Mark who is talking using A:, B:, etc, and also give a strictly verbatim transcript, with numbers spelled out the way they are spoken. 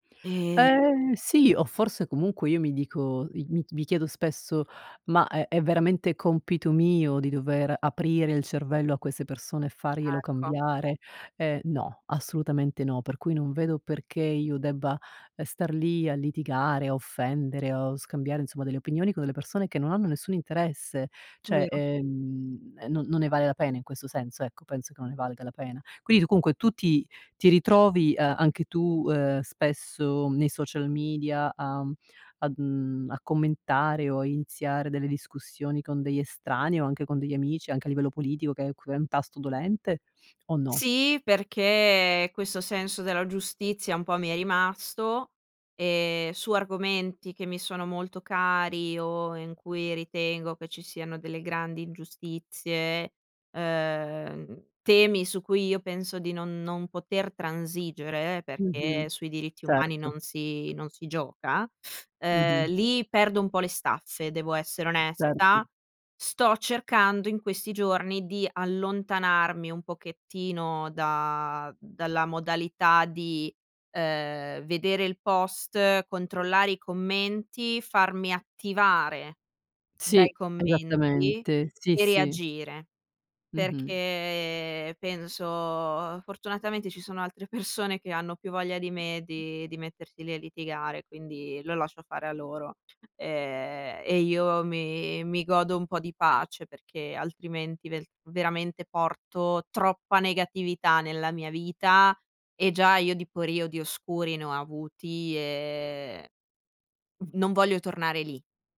A: Ehm
B: Ehm, sì, o forse comunque io mi dico, mi mi chiedo spesso: "Ma è è veramente compito mio di dover aprire il cervello a queste persone e farglielo
A: Ecco.
B: cambiare?" Ehm, no, assolutamente no, per cui non vedo perché io debba, ehm, star lì a litigare, a offendere o scambiare insomma delle opinioni con delle persone che non hanno nessun interesse. ceh,
A: Vero.
B: ehm, e non non ne vale la pena in questo senso ecco, penso che non ne valga la pena. Quindi tu comunque tu ti ti ritrovi, ehm, anche tu, uhm, spesso nei social media, uhm, a, uhm a commentare o a iniziare delle discussioni con degli estranei o anche con degli amici anche a livello politico che è q è un tasto dolente o no?
A: Sì, perché questo senso della giustizia un po' mi è rimasto, ehm, su argomenti che mi sono molto cari o in cui ritengo che ci siano delle grandi ingiustizie, uhm, temi su cui io penso di non non poter transigere,
B: Mh-mh.
A: perché sui diritti umani
B: Certo.
A: non si non si gioca, uhm,
B: Mh-mh.
A: lì perdo un po' le staffe, devo essere
B: Certo.
A: onesta. Sto cercando in questi giorni di allontanarmi un pochettino da dalla modalità di, uhm, vedere Il Post, controllare i commenti, farmi attivare dai
B: Sì,
A: commenti
B: esattamente. Sì,
A: e
B: sì.
A: reagire.
B: Mh-mh.
A: Perché penso, fortunatamente ci sono altre persone che hanno più voglia di me di di mettersi lì a litigare, quindi lo lascio fare a loro, ehm, e io mi mi godo un po' di pace perché altrimenti velt veramente porto troppa negatività nella mia vita e già io di periodi oscuri ne ho avuti e, mhmm, non voglio tornare lì.